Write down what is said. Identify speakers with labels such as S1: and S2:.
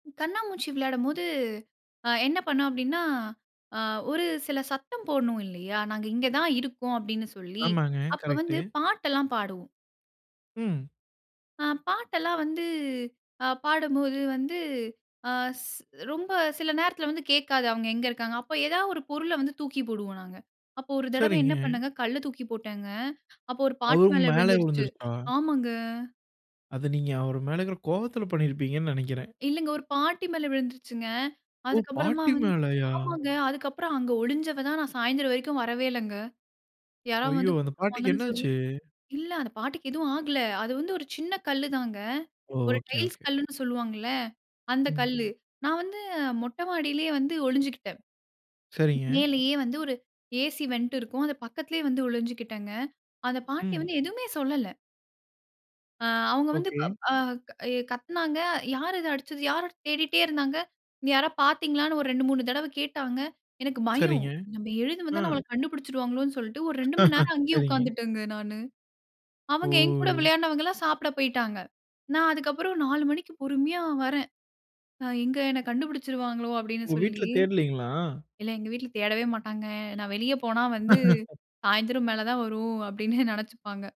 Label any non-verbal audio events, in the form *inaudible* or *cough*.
S1: கண்ணாமூச்சி விளையாடும் போது, அ என்ன பண்ணோம் அப்டின்னா, அ ஒரு சில சத்தம் போடணும் இல்லையா? "நாங்க இங்க தான் இருக்கோம்" அப்டின்னு சொல்லி,
S2: ஆமாங்க
S1: அப்ப
S2: கரெக்ட்டு.
S1: வந்து பாட்டு எல்லாம் பாடுவோம்.
S2: ம்.
S1: அ பாட்டெல்லாம் வந்து, அ பாடும்போது வந்து, ஆ ஸ் ரொம்ப சில நேரத்துல வந்து கேட்காது, அவங்க எங்க இருக்காங்கன்னு. அப்ப ஏதாவது ஒரு பொருள வந்து தூக்கி போடுவோம் நாங்க. அப்போ ஒரு தடவ என்ன
S2: சரிங்க.
S1: பண்ணேங்க, கல்ல தூக்கி போட்டேங்க. அப்போ ஒரு பாட்டி
S2: அவங்க
S1: மேல
S2: மேலயே
S1: விழுந்துருச்சு
S2: விழுந்துருச்சா?
S1: ஆமாங்க.
S2: அத நீங்க அவர் மேல இருக்குற கோபத்துல பண்ணிருப்பீங்கன்னு நினைக்கிறேன்.
S1: இல்லைங்க, ஒரு பாட்டி மேல விழுந்துருச்சுங்க.
S2: ஓ!
S1: அதுக்கு அப்பறமா
S2: பாட்டி
S1: வந்து
S2: மேலயா?
S1: ஆமாங்க. அதுக்கு அப்பறம் அங்க ஒளிஞ்சவ தான், நான் சாயந்தரம் வரைக்கும் வரவேயில்லங்க. யாராவது
S2: ஐயோ!
S1: வந்து
S2: அந்த பாட்டிக்கு
S1: கூப்டுவாங்கன்னு
S2: என்ன
S1: சொல்லி
S2: ஆச்சு?
S1: இல்ல அந்த பாட்டிக்கு எதுவும் ஆகல. அது வந்து ஒரு சின்ன கல்லு தாங்க.
S2: ஓ!
S1: ஒரு
S2: ஓகே.
S1: Tiles
S2: okay.
S1: கல்லுன்னு சொல்லுவாங்கல்ல, அந்த
S2: ம்.
S1: கல்லு. நான் வந்து மொட்ட மாடியிலேயே வந்து ஒளிஞ்சுக்கிட்டேன்.
S2: சரிங்க.
S1: மேலேயே வந்து ஒரு ஏசி வென்ட் இருக்கும். அது பக்கத்துலேயே வந்து ஒளிஞ்சுகிட்டேங்க. அந்த பாட்டி
S2: ம்.
S1: வந்து எதுவுமே சொல்லல. அ அவங்க வந்து
S2: ஓகே.
S1: பப் அ எ கத்துனாங்க. "யார் இத அடிச்சது? யாரு?" தேடிட்டே இருந்தாங்க. "இங்க யாராவது பாத்தீங்களான்னு?" ஒரு 2,3 தடவ கேட்டாங்க. எனக்கு பயம்.
S2: சரிங்க.
S1: நம்ம எழுந்து
S2: அ.
S1: வந்தா நம்மள கண்டுபிடிச்சுடுவாங்களோன்னு சொல்லிட்டு ஒரு 2 மணி
S2: *laughs*
S1: நேரம் அங்கேயே
S2: சரிங்க.
S1: உக்காந்துட்டேங்க நானு. அவங்க என் கூட
S2: ஓ!
S1: விளையாட்னவங்கல்லாம் சாப்ட போய்டாங்க. நான் அதுக்கு அப்பறம் 4 மணிக்கு பொறுமையா வறேன். அ "எங்க என்ன கண்டுபிடிச்சுடுவாங்களோ?" அப்டின்னு
S2: உங்க வீட்ல
S1: சொல்லி
S2: தேடலீங்களா?
S1: இல்ல எங்க வீட்ல தேடவே மாட்டாங்க. நான் வெளிய போனா வந்து,
S2: *laughs*
S1: "சாயந்தரம் மேல தான் வரும்." அப்டின்னே நினைச்சுப்பாங்க.